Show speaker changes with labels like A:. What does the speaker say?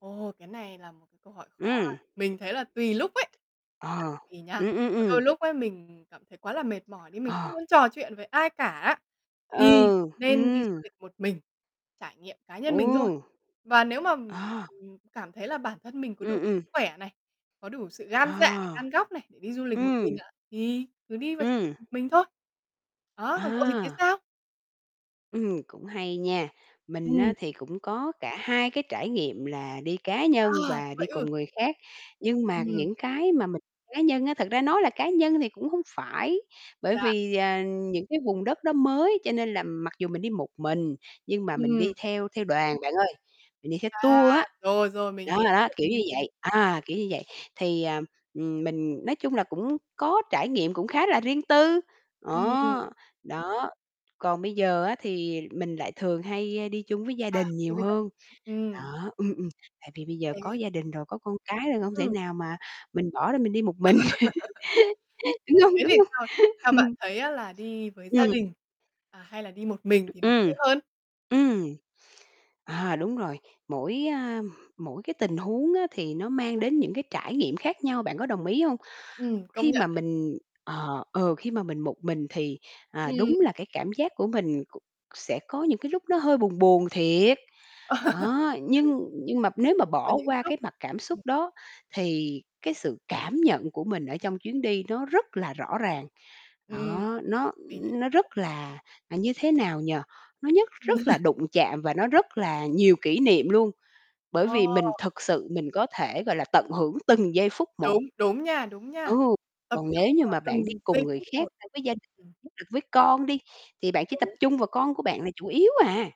A: Ồ, cái này là một cái câu hỏi khó ha.
B: Ừm.
A: Mình thấy là tùy lúc ấy.
B: À,
A: Tại vì nhá,
B: ừm, ừm, ừm.
A: đôi lúc ấy, mình cảm thấy quá là mệt mỏi đi mình không
B: Ờ.
A: muốn trò chuyện với ai cả á, thì
B: Ừ,
A: nên đi du
B: ừm.
A: lịch một mình, trải nghiệm cá nhân mình thôi.
B: Ừm.
A: Và nếu mà, ừm,
B: À.
A: ừm, cảm thấy là bản thân mình có đủ
B: Ừm,
A: sức
B: ừm.
A: khỏe này, có đủ sự gan dạ,
B: À.
A: gan góc này để đi du lịch một mình
B: Ừm.
A: ạ, thì cứ đi và trải nghiệm
B: Ừm.
A: một mình thôi. Đó, còn cậu thì thấy
B: À.
A: sao?
B: Ừm, cũng hay nha. Mình
A: Ừm.
B: á, thì cũng có cả hai cái trải nghiệm là đi cá nhân
A: À,
B: và
A: vậy
B: đi cùng
A: ư?
B: người khác. Nhưng mà
A: Ừm.
B: những cái mà mình đi cá nhân á thật ra nói là cá nhân thì cũng hông phải. Bởi
A: Dạ
B: vì, ờ, những cái vùng đất đó mới cho nên là mặc dù mình đi một mình, nhưng mà mình
A: Ừm.
B: đi theo theo đoàn bạn ơi, mình đi
A: À
B: tour á.
A: rồi, rồi mình
B: Đó,
A: hiểu.
B: đó, kiểu như vậy. À, kiểu như vậy, thì, à, ừm, mình nói chung là cũng có trải nghiệm cũng khá là riêng tư.
A: Ừm.
B: Đó, đó. Còn bây giờ á, thì mình lại thường hay, ơ, đi chung với gia
A: À,
B: đình
A: thì
B: nhiều
A: bây giờ thì
B: hơn.
A: ừm.
B: Đó. Ừm, ừm. Tại vì bây giờ có
A: [unintelligible]
B: gia đình rồi, có con cái rồi, hông thể
A: Ừm.
B: nào mà mình bỏ đó mình đi một mình. Đúng hông,
A: Thế
B: đúng
A: thì
B: không?
A: theo theo bạn thấy á, là đi với gia
B: Ừm.
A: đình, à, hay là đi một mình thì nó vui
B: Ừm,
A: hơn?
B: ừm. À, đúng rồi. Mỗi, a, mỗi cái tình huống á, thì nó mang đến những cái trải nghiệm khác nhau, bạn có đồng ý hông?
A: Ừm, công
B: Khi mà
A: nhận đấy.
B: mình ờ, ừ, khi mà mình một mình thì, à, đúng
A: Ừm.
B: là cái cảm giác của mình c sẽ có những cái lúc nó hơi buồn buồn thiệt. Đó, nhưng nhưng mà nếu
A: Nhưng
B: mà
A: có
B: bỏ
A: những
B: qua
A: lúc
B: cái mặt cảm xúc
A: ừm.
B: đó thì cái sự cảm nhận của mình ở trong chuyến đi nó rất là rõ ràng.
A: Ừm,
B: Đó, nó
A: mình
B: nó rất
A: hiểu.
B: là như thế nào nhỉ, nó nhất
A: Ừ.
B: rất là đụng chạm và nó rất là nhiều kỷ niệm luôn. Bởi
A: Ờ.
B: vì mình thực sự mình có thể, gọi là, tận hưởng từng giây phút một.
A: Đúng, đúng nha, đúng nha.
B: Ừ,
A: Tập
B: còn
A: trung
B: nếu như
A: vào
B: mà
A: từng
B: bạn đi
A: g
B: cùng
A: giây
B: người
A: phút một.
B: khác, với gia đình,
A: Ừm.
B: [unintelligible] với con đi, thì bạn chỉ tập
A: Đúng.
B: trung vào con của bạn là chủ yếu à.